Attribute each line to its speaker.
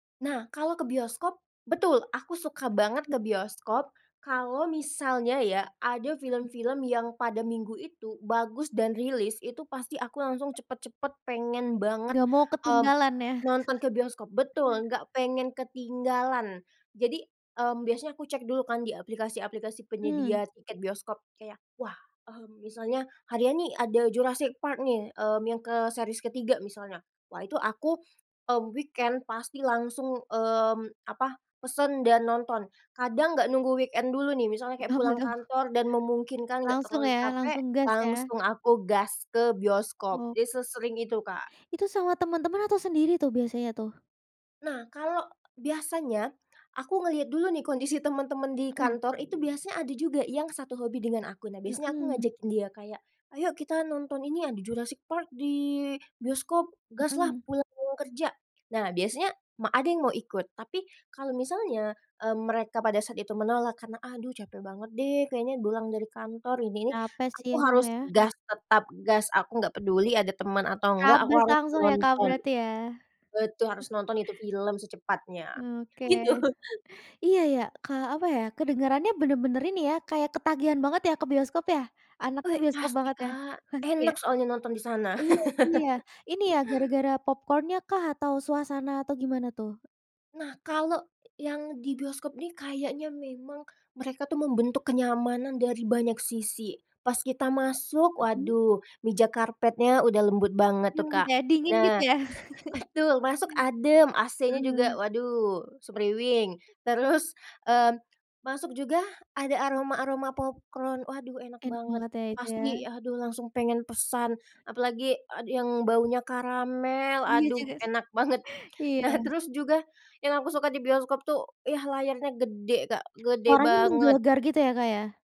Speaker 1: Nah, kalau ke bioskop, betul aku suka banget
Speaker 2: M
Speaker 1: ke bioskop kalau misalnya ya, ada
Speaker 2: Mhm.
Speaker 1: film-film yang pada minggu itu bagus dan rilis itu pasti aku langsung cepet-cepet pengen banget,
Speaker 2: Enggak mau
Speaker 1: mmm,
Speaker 2: ketinggalan ya?
Speaker 1: nonton ke bioskop betul enggak pengen ketinggalan. Jadi, mmm, biasanya aku cek dulu kan di aplikasi-aplikasi
Speaker 2: Mhm.
Speaker 1: penyedia tiket bioskop kayak, "Wah, mmm, misalnya harian nih ada Jurassic Park nih, mmm, yang ke series ke-3," misalnya. Wah itu aku, mmm, weekend pasti langsung, mmm, apa? Pesen dan nonton kadang nggak nunggu weekend dulu nih misalnya kayak
Speaker 2: Suka
Speaker 1: pulang
Speaker 2: medem.
Speaker 1: kantor dan memungkinkan enggak
Speaker 2: Langsung
Speaker 1: terlalu
Speaker 2: ya,
Speaker 1: capek
Speaker 2: langsung gas ya?
Speaker 1: langsung aku gas ke bioskop,
Speaker 2: Oh.
Speaker 1: jadi sesering itu, Kak.
Speaker 2: Itu sama teman-teman atau sendiri tuh biasanya tuh?
Speaker 1: Nah, kalau biasanya, aku ngelihat dulu nih kondisi temen-temen di
Speaker 2: Mhm.
Speaker 1: kantor itu biasanya ada juga yang satu hobi dengan aku. Nah, biasanya aku
Speaker 2: Mhm.
Speaker 1: ngajakin kayak dia kayak, "Ayo kita nonton ini yang di Jurassic Park di bioskop, gas lah
Speaker 2: Mhm.
Speaker 1: pulang kerja," nah biasanya, ma ada yang mau ikut tapi kalau misalnya, mmm, mereka pada saat itu menolak karena, "Aduh capek banget deh kayaknya pulang dari kantor ini ini,"
Speaker 2: Capek sih
Speaker 1: aku
Speaker 2: ya, Kak,
Speaker 1: harus
Speaker 2: ya?
Speaker 1: gas, tetap gas aku enggak peduli ada teman atau enggak aku
Speaker 2: Terabas
Speaker 1: harus
Speaker 2: langsung ya, Kak,
Speaker 1: nonton.
Speaker 2: berarti ya?
Speaker 1: Betul harus nonton itu film secepatnya.
Speaker 2: Oke,
Speaker 1: Gitu.
Speaker 2: iya ya? Ka apa ya kedengarannya bener-bener ini ya, kayak ketagihan banget ya ke bioskop ya, anaknya
Speaker 1: We,
Speaker 2: bioskop
Speaker 1: pasti,
Speaker 2: banget ya,
Speaker 1: Kak.
Speaker 2: pasti ya?
Speaker 1: Enak soalnya nonton di sana.
Speaker 2: Iya sih ya, ini ya gara-gara popcorn nya kah, atau suasana atau gimana tuh?
Speaker 1: Nah, kalau yang di bioskop nih kayaknya memang mereka tuh membentuk kenyamanan dari banyak sisi, pas kita masuk
Speaker 2: Mhm.
Speaker 1: waduh meja karpetnya udah lembut banget tuh,
Speaker 2: Mmm,
Speaker 1: Kak.
Speaker 2: kaya dingin gitu
Speaker 1: Nah,
Speaker 2: ya?
Speaker 1: betul masuk adem AC-nya juga
Speaker 2: Mmm.
Speaker 1: waduh semriwing, terus, eee, masuk juga ada aroma-aroma popcron waduh enak
Speaker 2: Enak
Speaker 1: banget,
Speaker 2: banget ya, itu ya.
Speaker 1: pasti aduh langsung pengen pesan, apalagi ad yang baunya karamel
Speaker 2: Iya
Speaker 1: aduh
Speaker 2: juga sih,
Speaker 1: enak banget. Nah,
Speaker 2: iya.
Speaker 1: terus juga yang aku suka di bioskop tuh ya, layarnya gede, Kak, gede
Speaker 2: Suaranya
Speaker 1: banget.
Speaker 2: menggelegar gitu ya, Kak, ya?